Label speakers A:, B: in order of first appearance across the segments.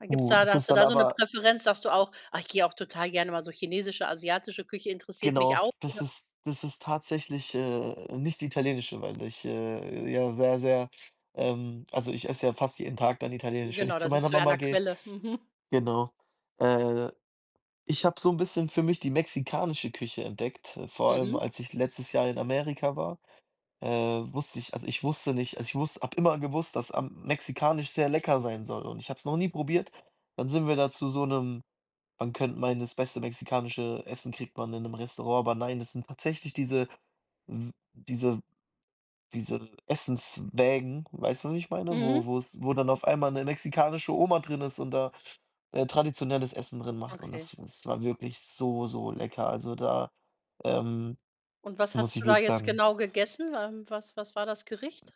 A: A gibt's
B: Uh,
A: da da
B: das
A: hast
B: ist
A: du
B: dann
A: da so 'ne
B: aber
A: Präferenz? Sagst du auch: „Ach, ich gehe auch total gerne mal so chinesische asiatische Küche interessiert mich
B: Genau,
A: auch“, oder
B: das ist das ist tatsächlich, äh, nicht die italienische, weil ich, äh, ja sehr, sehr ähm also, ich esse ja fast jeden Tag dann italienisch, wenn
A: Genau,
B: ich
A: da
B: zu meiner
A: sitzt du ja an
B: Mama
A: der
B: gehe.
A: Quelle, mhm.
B: Genau. Äh, ich habe so 'n bisschen für mich die mexikanische Küche entdeckt, äh, vor allem,
A: Mhm.
B: als ich letztes Jahr in Amerika war, äh, wusste ich also, ich wusste nicht also, ich wuss habe immer gewusst, dass, ähm, mexikanisch sehr lecker sein soll und ich habe es noch nie probiert. Dann sind wir da zu so 'nem man könnt meinen, das beste mexikanische Essen kriegt man in 'nem Restaurant, aber nein, das sind tatsächlich diese s diese diese Essenswägen, weißt du, was ich meine? Wo
A: Mhm.
B: wo's wo dann auf einmal 'ne mexikanische Oma drin ist und da, äh, traditionelles Essen drin macht. Und
A: Okay.
B: das das war wirklich so, so lecker. Also, da, ähm,
A: Und was
B: muss
A: hattest
B: ich
A: du da
B: wirklich
A: jetzt
B: sagen
A: genau gegessen? Ähm, was was war das Gericht?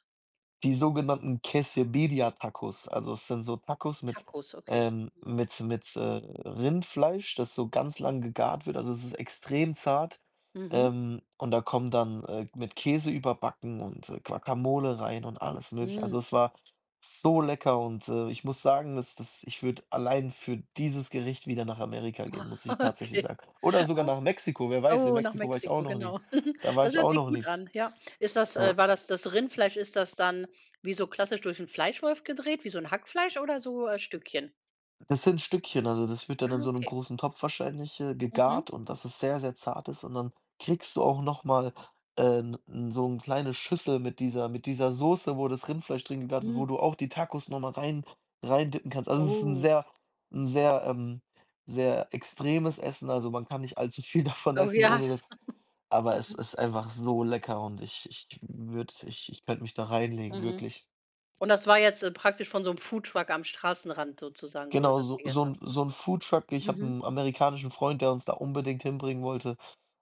B: Die sogenannten Quesabirria-Tacos, also es sind so Tacos mit,
A: Tacos, okay,
B: ähm
A: mhm.
B: mit mit, äh, Rindfleisch, das so ganz lang gegart wird. Also, es ist extrem zart,
A: Mhm.
B: ähm, und da kommen dann, äh, mit Käse überbacken und Guacamole rein und alles Mögliche. Also,
A: Mm.
B: es war so lecker und, äh, ich muss sagen, dass das ich würde allein für dieses Gericht wieder nach Amerika gehen, muss ich tatsächlich
A: Okay.
B: sagen. Oder sogar nach Mexiko, wer
A: Ah,
B: weiß, in
A: oh, nach
B: Mexiko war ich auch
A: Mexiko,
B: noch nie
A: genau.
B: da war
A: Das
B: ich
A: hört
B: auch
A: sich
B: noch
A: gut
B: nie.
A: an, ja. Ist das äh,
B: Ja.
A: war das das Rindfleisch ist das dann wie so klassisch durch 'n Fleischwolf gedreht, wie so 'n Hackfleisch oder so, äh, Stückchen?
B: Das sind Stückchen, also, das wird dann
A: Ah,
B: in so 'nem
A: okay.
B: großen Topf wahrscheinlich, äh,
A: Mhm.
B: gegart und das es sehr, sehr zart ist. Und dann kriegst du auch noch mal, äh, 'n n so 'n kleine Schüssel mit dieser mit dieser Soße, wo das Rindfleisch drin gegart wo
A: Mm.
B: du auch die Tacos noch mal rein reindippen kannst. Also, es ist 'n
A: Oh.
B: sehr 'n sehr, ähm sehr extremes Essen, also, man kann nicht allzu viel davon
A: Oh
B: essen,
A: ja.
B: ohne das aber es
A: Mhm.
B: ist einfach so lecker und ich ich würde ich ich könnte mich da reinlegen,
A: Mhm.
B: wirklich.
A: Und das war jetzt, äh, praktisch von so 'm Foodtruck am Straßenrand sozusagen, wo du
B: Genau,
A: das
B: so so
A: gegessen hast.
B: 'n so 'n Foodtruck. Ich habe
A: Mhm.
B: 'n amerikanischen Freund, der uns da unbedingt hinbringen wollte,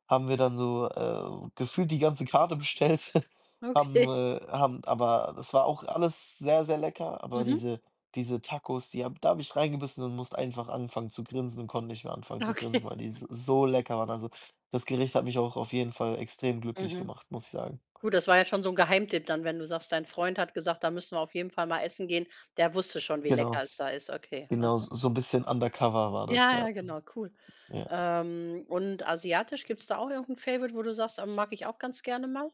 B: haben wir dann so, äh, gefühlt die ganze Karte bestellt, haben,
A: Okay.
B: äh haben aber das war auch alles sehr, sehr lecker, aber
A: Mhm.
B: diese diese Tacos, die habe da habe ich reingebissen und musste einfach anfangen zu grinsen und konnte nicht mehr anfangen zu grinsen,
A: Okay.
B: weil die s so lecker waren. Also, das Gericht hat mich auch auf jeden Fall extrem glücklich
A: Mhm.
B: gemacht, muss ich sagen.
A: Gut, das war ja schon so 'n Geheimtipp dann, wenn du sagst, dein Freund hat gesagt: „Da müssen wir auf jeden Fall mal essen gehen.“ Der wusste schon, wie
B: Genau.
A: lecker es da ist. Okay,
B: Genau, s
A: aha.
B: so 'n bisschen undercover war das, ja.
A: Ja, genau, cool.
B: Ja.
A: Ähm, und asiatisch, gibt's da auch irgend 'n favorite, wo du sagst, ähm: „Mag ich auch ganz gerne mal?“